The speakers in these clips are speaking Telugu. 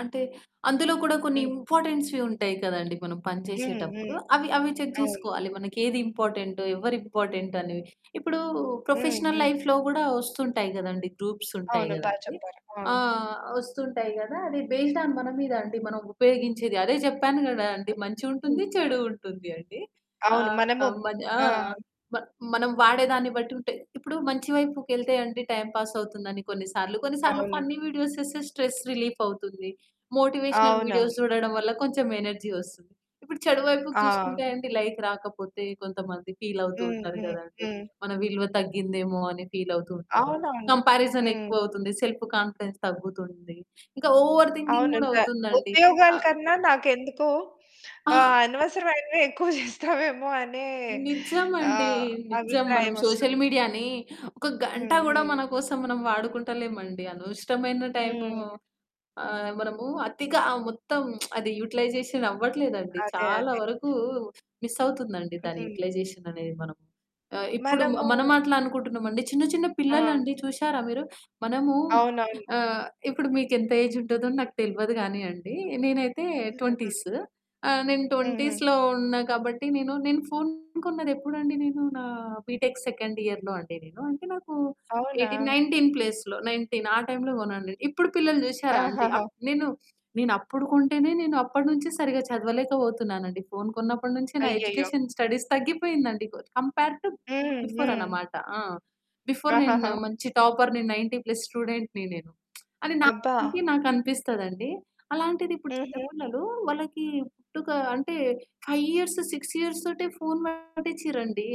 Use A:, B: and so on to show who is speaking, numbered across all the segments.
A: అంటే, అందులో కూడా కొన్ని
B: హ్మ్.
A: ఇంపార్టెన్స్‌వి ఉంటాయి కదండీ, మనం పని
B: హ్మ్. హ్మ్.
A: చేసేటప్పుడు, అవి అవి చెక్
B: అవును.
A: జేసుకోవాలి. మనకేది ఇంపార్టెంటో, ఎవరు ఇంపార్టెంటనెవి. ఇప్పుడూ
B: హ్మ్.
A: ప్రొఫెషనల్
B: హ్మ్.
A: లైఫ్‌లో గూడా వస్తుంటాయి గదండీ, గ్రూప్సుంటాయి
B: అవును. బా
A: గదండీ!
B: చెప్పారు. ఆ!
A: ఆహ్, వస్తుంటాయి గదా! అది బేస్డ్ ఆన్ మన మీద అండి, మనం ఉపయోగించేది అదే చెప్పాను కదా అండి, మంచి ఉంటుంది,
B: ఓకే.
A: చెడూ ఉంటుంది అండి,
B: అవును. మనము
A: ఆహ్, మన ఆ!
B: ఆ!
A: మ మనం వాడే దాన్ని బట్టి ఉంటాయి. ఇప్పుడు మంచి వైపుకెళ్తే అండి, టైమ్ పాస్ అవుతుందని కొన్ని సార్లు, కొన్ని సార్లు
B: అవును.
A: ఫన్నీ వీడియోస్ చేస్తే స్ట్రెస్ రిలీఫవుతుంది మోటివేషనల్ వీడియోస్
B: అవునవును.
A: చూడడం వల్ల కొంచెం ఎనర్జీ వస్తుంది. ఇప్పుడు చెడు వైపుకు చూసుకుంటే
B: అవును.
A: అండి, లైక్ రాకపోతే కొంతమంది ఫీలవుతూ
B: హ్మ్.
A: ఉంటారు
B: హ్మ్.
A: గదండి,
B: హ్మ్.
A: మన విలువ తగ్గిందేమో! అని ఫీలవుతూ ఉంటారు.
B: అవునవును. హ్మ్.
A: కంపారిజనెక్కువవుతుంది సెల్ఫ్ కాన్ఫిడెన్స్ తగ్గుతుంది. ఇంక ఓవర్ థింకింగ్ గూడా
B: అవునింకా
A: అవుతుందండి. ఆ!
B: ఉపయోగాల కన్నా నాకెందుకో
A: ఆ!
B: ఆహ్, అనవసరమైనవే ఎక్కువ చేస్తావేమో అనే
A: నిజమండి.
B: ఆహ్,
A: నిజం మనం సోషల్
B: అభిప్రాయమొస్తుంది.
A: మీడియాని ఒక గంట
B: హ్మ్.
A: గూడా
B: హ్మ్.
A: మన కోసం మనం వాడుకుంటలేమండి, అనవసరమైన టైము
B: హ్మ్.
A: ఆహ్, మనము అతిగా ఆ మొత్తం అది యుటిలైజేషన్ అవ్వట్లేదండి.
B: అదే.
A: చాలా
B: అదే.
A: వరకు మిస్సవుతుందండి, దాని
B: హుహు.
A: యుటిలైజేషన్ అనేది మనం. ఆహ్, ఇప్పుడు మనం
B: మనము
A: అట్లా అనుకుంటున్నామండి, చిన్న చిన్న
B: ఆ!
A: పిల్లలండి చూషారా మీరు? మనము
B: అవునవును.
A: ఆహ్, ఇప్పుడు మీకెంత ఏజుంటదో నాకు తెల్వదు గానీ అండి, నేనైతే
B: [unintelligible]
A: ట్వెంటీస్. ఆహ్, నేను
B: హుహు.
A: 20స్‌లో ఉన్నా కాబట్టి, నేను నేను ఫోను కొన్నదెప్పుడండి, నేను నా బీటెక్ సెకండ్ ఇయర్‌లో అండి నేను, అంటే నాకూ
B: అవునా!
A: ఎయిటీన్ 19 ప్లేస్‌లో 19 ఆ టైంలో కొన్నాను. ఇప్పుడు పిల్లలు చూషారా అండి,
B: ఆహాహా!
A: అప్ నేను నేనప్పుడు కొంటేనే, నేనప్పడి నుంచి సరిగా చదవలేకపోతున్నానండి. ఫోను కొన్నప్పడి నుంచి నా
B: అయ్యయ్యో!
A: ఎడ్యుకేషన్, స్టడీస్ తగ్గిపోయిందండి. కోద్ కంపేర్ టూ
B: హ్మ్.
A: బిఫోర్
B: హ్మ్.
A: అనమాట. ఆ! బిఫోర్ నేను
B: ఆహహా!
A: మంచి టాపర్‌ని, 90 ప్లస్ స్టూడెంట్‌ని నేను అని
B: అబ్బా!
A: నాకంటే నాకనిపిస్తదండి. అలాంటిదిప్పుడు చిన్న
B: హుహు.
A: పిల్లలూ, వాళ్ళకి పుట్టుక అంటే 5 ఇయర్స్, 6 ఇయర్స్ తోటే ఫోను వాడిచ్చిర్రండి.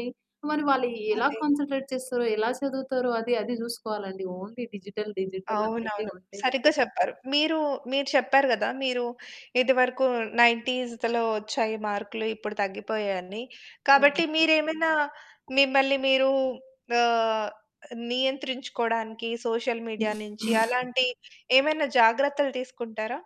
A: మరి వాళ్ళు ఎలా
B: అదే.
A: కాన్సంట్రేట్ చేస్తారో, ఎలా చదువుతారో, అది అది చూసుకోవాలండి. ఓన్లీ డిజిటల్ డిజిటల్ అన్నట్టే
B: అవునవును.
A: ఉంటే
B: సరిగ్గా చెప్పారు. మీరు మీరు చెప్పారు కదా మీరు ఇదివరకు నైన్‌టీస్‌దలో వచ్చాయి మార్కులు, ఇప్పుడు తగ్గిపోయాయని. కాబట్టి
A: అవునండి.
B: మీరేమైనా మిమ్మల్ని మీరు ఆహ్, నియంత్రించుకోవడానికి సోషల్ మీడియా నుంచి అలాంటి ఏమైనా జాగ్రత్తలు తీసుకుంటారా?